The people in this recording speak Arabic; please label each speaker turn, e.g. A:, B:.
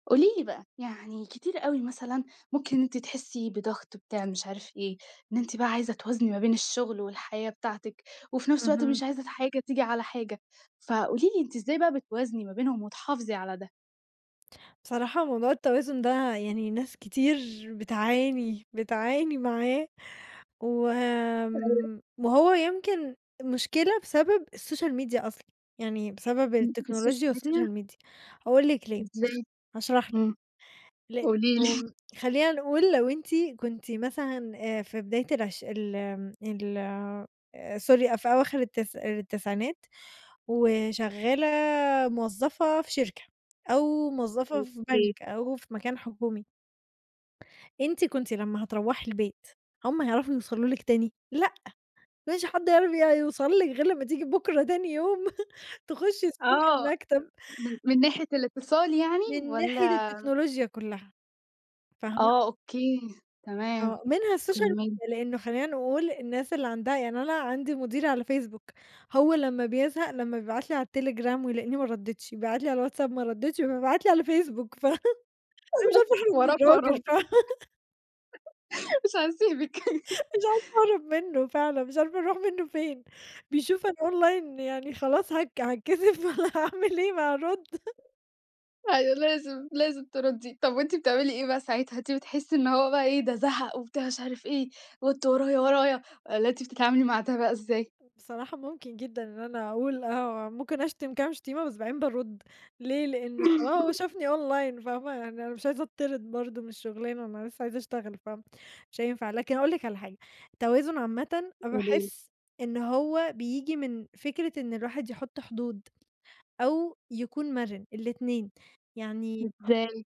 A: قولي لي بقى، يعني كتير أوي مثلًا ممكن أنتِ تحسّي بضغط بتاع مش عارف إيه، إن أنتِ بقى عايزة توازني ما بين الشغل والحياة بتاعتِك، وفي نفْس الوقت
B: اهم.
A: مش عايزة حاجة تيجي على حاجة، فقولي لي أنتِ إزاي بقى بتوازني ما بينهم وتحافظي على ده؟
B: بصراحة موضوع التوازن ده يعني ناس كتير بتعاني، بتعاني معاه، و
A: [unintelligible]
B: آمم وهو يمكن مشكلة بسبب الSocial Media أصلًا، يعني بسبب
A: إمم. الSocial
B: التكنولوجيا
A: Media؟
B: والSocial Media، هاقول لِك ليه، هاشـ–
A: إزاي؟
B: هاشرح لِك،
A: امم. قولي لي.
B: لإنه خلّينا نقول لو أنتِ كنتِ مثلًا آآ في بداية العش ال آمم، ال Sorry أ في أواخر التسـ– التسعينات، وشغالة موظّفة في شركة، أو موظفة في
A: أوكي.
B: بنك، أو في مكان حكومي أنتِ كنتِ لمّا هتروّحي البيت، هُم هيعرفوا يوصلوا لِك تاني؟ لأ، ما فيش حد هيعرف ي يوصل لِك غير لمّا تيجي بُكرة تاني يوم، تخشّي الصبح
A: آه،
B: المكتب.
A: من من ناحية الاتصال يعني؟
B: من ناحية
A: والّا
B: التكنولوجيا كلّها، فاهمة؟
A: آه أوكي، تمام،
B: آه، منها الSocial
A: كمّلي.
B: Media، لإنه خلّينا نقول الناس اللي عندها يعني أنا عندي مديري على Facebook، هو لمّا بيزهق لمّا بيبعت لي على الTelegram ويلقيني ما ردّيتش، بيبعت لي على الWhatsApp ما ردّيتش، فبيبعت لي على الFacebook، ف أنا مش عارفة أهرب من
A: وراك وراك،
B: الراجل، ف
A: مش هاسيبِك.
B: مش عارفة أهرب منه فعلًا، مش عارفة أروح منه فين، بيشوف أنا Online، يعني خلاص هك هاتكسف والّا هاعمل إيه، ما أرد.
A: أيوه لازم، لازم تردي، طب وأنتِ بتعملي إيه بقى ساعتها؟ أنتِ بتحسّي إن هو بقى إيه ده زهق وبتاع مش عارف إيه، وأنت ورايا، ورايا، والّا أنتِ بتتعاملي مع ده بقى إزاي؟
B: بصراحة ممكن جدًا إن أنا أقول آه، ممكن أشتم كام شتيمة بس بعدين بارُد، ليه لإنه خلاص شافني Online، فاهمة، يعني أنا مش عايزة أتطرد برضو من الشغلانة، أنا لسّه عايزة أشتغل، فاهمة، مش هينفع، لكن أقول لك على حاجة، التوازن عامةً
A: قولي لي.
B: باحس إن هو بييجي من فكرة إن الواحد يحط حدود، أو يكون مرن، الاتنين. يعني
A: إزاي؟